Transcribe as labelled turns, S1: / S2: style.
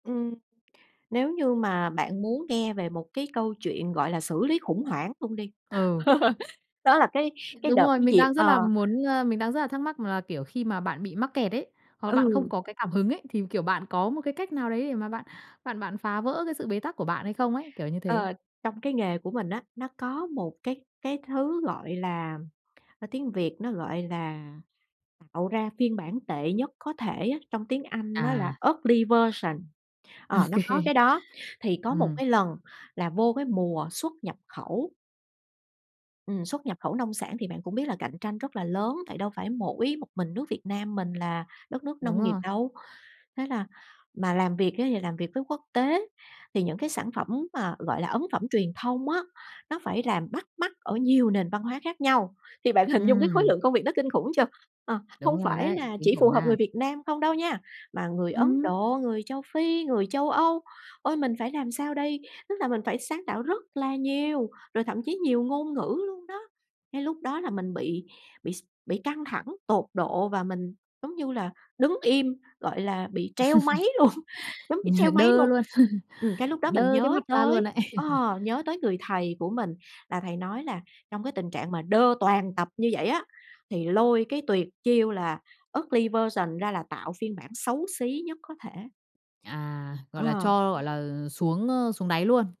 S1: Ừm, nếu như mà bạn muốn nghe về một cái câu chuyện, gọi là, xử lý khủng hoảng luôn đi,
S2: Ừ.
S1: đó là cái cái
S2: Đúng
S1: đợt
S2: rồi,
S1: cái
S2: mình
S1: dịp,
S2: đang rất
S1: ờ
S2: là muốn, ờ, mình đang rất là thắc mắc là, kiểu, khi mà bạn bị mắc kẹt ấy, hoặc là bạn không
S1: Ừ.
S2: có cái cảm hứng ấy thì, kiểu, bạn có một cái cách nào đấy để mà bạn bạn bạn phá vỡ cái sự bế tắc của bạn hay không ấy? Kiểu như thế.
S1: Ờ, trong cái nghề của mình á, nó có một cái cái thứ, gọi là, ờ, tiếng Việt nó gọi là t tạo ra phiên bản tệ nhất có thể á, trong tiếng Anh nó là
S2: À.
S1: ugly version.
S2: Ô
S1: Ờ, nó có
S2: kê.
S1: cái đó. Thì có một
S2: Ừm.
S1: cái lần là vô cái mùa xuất nhập khẩu ừm, xuất nhập khẩu nông sản thì bạn cũng biết là cạnh tranh rất là lớn, tại đâu phải mỗi một mình nước Việt Nam mình là đất nước
S2: Đúng
S1: nông nghiệp
S2: rồi.
S1: đâu, thế là mà làm việc ấy thì làm việc với quốc tế thì những cái sản phẩm mà, gọi là, ấn phẩm truyền thông á, nó phải làm bắt mắt ở nhiều nền văn hóa khác nhau. Thì bạn hình dung cái khối
S2: Ừm.
S1: lượng công việc nó kinh khủng chưa? Ờ, hông
S2: Đúng rồi
S1: phải
S2: đấy,
S1: là
S2: kinh
S1: chỉ phù
S2: khủng
S1: hợp
S2: nha.
S1: người Việt Nam không đâu nha, mà người Ấn
S2: Ừm.
S1: Độ, người Châu Phi, người Châu Âu. Ôi! Mình phải làm sao đây? Tức là mình phải sáng tạo rất là nhiều, rồi thậm chí nhiều ngôn ngữ luôn đó. Cái lúc đó là mình bị bị s bị căng thẳng tột độ, và mình, giống như là, đứng im, gọi là, bị treo máy luôn, giống bị treo
S2: Nhờ
S1: máy
S2: đơ
S1: luôn.
S2: luôn!
S1: Ừm, cái lúc đó mình
S2: Đơ cái
S1: nhớ
S2: mặt ra luôn
S1: tới,
S2: ấy!
S1: ờ, nhớ tới người thầy của mình, là thầy nói là trong cái tình trạng mà đơ toàn tập như vậy á, thì lôi cái tuyệt chiêu là "ugly version" ra, là tạo phiên bản xấu xí nhất có thể.
S2: À, gọi là,
S1: Ờ.
S2: cho, gọi là, ờ, xuống, ơ, xuống đáy luôn.